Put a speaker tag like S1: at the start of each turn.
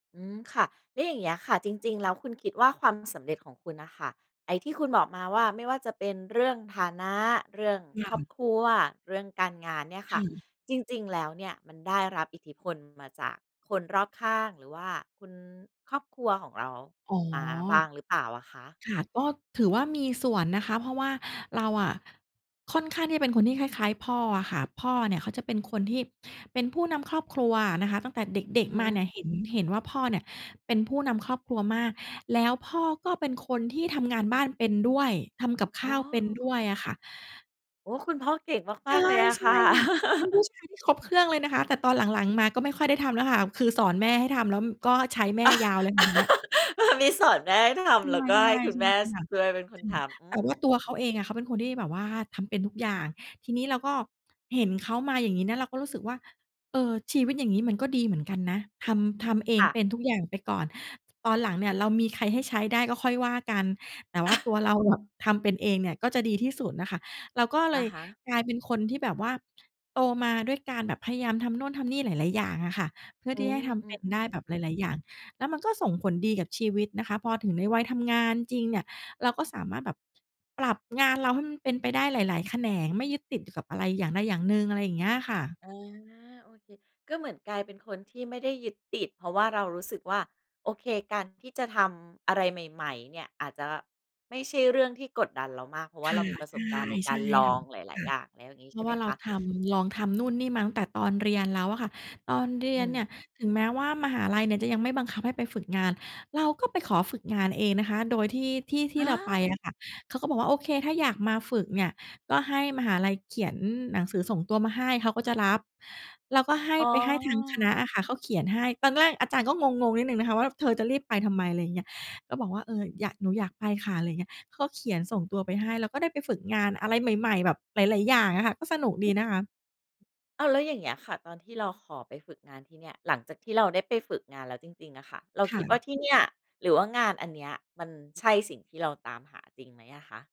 S1: อืม ค่ะ แล้วอย่างเงี้ยค่ะ จริง ๆ แล้วคุณคิดว่าความสำเร็จของคุณน่ะค่ะ ไอ้ที่คุณบอกมาว่าไม่ว่าจะเป็นเรื่องฐานะ เรื่อง
S2: อย่
S1: ครอ
S2: า
S1: บครัว เรื่องการงานเนี่ย
S2: ค
S1: ค่
S2: ่
S1: ะ
S2: ะ
S1: จริง ๆ แล้วเนี่ยมันได้รับอิทธิพลมาจากคนรอบข้าง หรือว่าคุณ ครอบครัวของเรา
S2: อ๋อ
S1: มาบ้างหรือเปล่าอ่ะคะ?
S2: ค่ะ ก็ถือว่ามีส่วนนะคะ เพราะว่าเราอะ ค่อนข้างที่จะเป็นคนที่คล้าย ๆ พ่ออะค่ะ พ่อเนี่ยเขาจะเป็นคนที่เป็นผู้นำครอบครัวนะคะ ตั้งแต่เด็
S1: อ
S2: ก
S1: ือฮ
S2: ๆ มาเนี
S1: ึ
S2: ่ยเห็น เห็นว่าพ่อเนี่ยเป็นผู้นำครอบครัวมาก แล้วพ่อก็เป็นคนที่ทำงานบ้านเป็นด้วย ทำกับข
S1: อ๋
S2: ้า
S1: อ
S2: วเป็นด้วยอะค่ะ
S1: โอ้ คุณพ่อเก่งม
S2: ใช
S1: า
S2: ่
S1: ก ๆ เลยอะ
S2: ใช
S1: ค
S2: ่
S1: ่ะ
S2: เป็นผู้ชายที่ครบเครื่องเลยนะคะ แต่ตอนหลัง ๆ มาก็ไม่ค่อยได้ทำแล้วค่ะ คือสอนแม่ให้ทำแล้ว ม ก็ใช้แม่ยาว ไรอย่างเงี้ย
S1: มีสอนแม่ให้ท
S2: ใช
S1: ำ แล้
S2: ่
S1: วก็
S2: ใช
S1: ใ
S2: ่
S1: ห้คุ
S2: ใ
S1: ณ
S2: ช่
S1: แม่ ส
S2: ค่ะ
S1: ช่วยเป็นค
S2: อ
S1: น
S2: ื
S1: ท
S2: ม
S1: ำ อื
S2: แต่
S1: ม
S2: ว่าตัวเขา
S1: ๆ
S2: เอ
S1: ๆ
S2: งอะ เขาเป็นคนที่แบบว่าทำเป็นทุกอย่าง ทีนี้เราก็เห็นเขามาอย่างงี้นะเราก็รู้สึกว่า เออ ชีวิตอย่างนี้มันก็ดีเหมือนกันนะ ทำ ทำเอ
S1: ค
S2: ง
S1: ่ะ
S2: เป็นทุกอย่างไปก่อน ตอนหลังเนี่ยเรามีใครให้ใช้ได้ก็ค่อยว่ากัน แต่ว่าตัวเราอะ ทำเป็นเองเนี่ยก็จะดีที่สุดน่ะค่ะ เราก็เ
S1: อ
S2: ล
S1: ะ
S2: ย
S1: ฮะ
S2: กลายเป็นคนที่แบบว่าโตมาด้วยการแบบพยายามทำโน่นทำนี่หลาย ๆ อย่างอะค่ะ เพื่อ
S1: อื
S2: ที่จะให้ทำเป
S1: ม
S2: ็นได้แบ
S1: ๆ
S2: บห
S1: ๆ ๆ ๆ
S2: ลาย ๆ อย่าง แล้วมันก็ส่งผลดีกับชีวิตนะคะ พอถึงในวัยทำงานจริงเนี่ย เราก็สามารถแบบปรับงานเราให้มันเป็นไปได้หลาย ๆ แขนง ไม่ยึดติดกับอะไรอย่างใดอย่างหนึ่ง อะไรอย่างเงี้ยอะค่ะ
S1: อา โอเค ก็เหมือนกลายเป็นคนที่ไม่ได้ยึดติด เพราะว่าเรารู้สึกว่าโอเคการที่จะทำอะไรใหม่ ๆ เนี่ยอาจจะไม่ใช่เรื่องที่กดดันเรามาก เพราะว่
S2: ค
S1: าเ
S2: ่
S1: ร
S2: ะ
S1: ามีประ
S2: ใช
S1: ส
S2: ่
S1: บการณ์ในก
S2: ใช
S1: า
S2: ่
S1: รล
S2: ค
S1: อ
S2: ่ะ
S1: งหล
S2: ค
S1: าย
S2: ่ะ
S1: ๆ แล้วอย่างงี้
S2: เพ
S1: ใช
S2: รา
S1: ่
S2: ะ
S1: ไ
S2: ว
S1: ห
S2: ่
S1: ม
S2: าเ
S1: ค
S2: รา
S1: ะ?
S2: ทำ ลองทำนู่นนี่ตั้งแต่ตอนเรียนแล้วอะค่ะ ตอนเรี
S1: อื
S2: ยนเนี
S1: ม
S2: ่ย ถึงแม้ว่ามหาลัยเนี่ยจะยังไม่บังคับให้ไปฝึกงาน เราก็ไปขอฝึกงานเองนะคะ โดยที่ ที่ ท
S1: อ
S2: ี
S1: ้
S2: ่เร
S1: า
S2: าไปอะค่ะ เขาก็บอกว่าโอเคถ้าอยากมาฝึกเนี่ย ก็ให้มหาลัยเขียนหนังสือส่งตัวมาให้เขาก็จะรับ แล้วก็ให้
S1: อ๋
S2: ไปให้ทางคณะ
S1: อ
S2: อะค่ะ เขาเขียนให้ ตอนแรกอาจารย์ก็งง ๆ นิดหนึ่งนะคะว่า เธอจะรีบไปทำไม อะไรอย่างเงี้ย ก็บอกว่า เอ่อ อยาก หนูอยากไปค่ะ อะไรอย่างเงี้ย ก็เขียนส่งตัวไปให้ แล้วก็ได้ไปฝึกงานอะไรใหม่ ๆ แบบหลาย ๆ อย่างอะค่ะ ก็สนุกดีนะคะ
S1: อ้าวแล้วอย่างเงี้ยค่ะ ตอนที่เราขอไปฝึกงานที่เนี่ยหลังจากที่เราได้ไปฝึกงานแล้วจริง ๆ อะค่ะ เรา
S2: ค
S1: ค
S2: ่
S1: ิดว่า
S2: ะ
S1: ที่เนี่ย หรือว่างานอันเนี้ยมันใช่สิ่งที่เราตามหาจริงไหมอะคะ?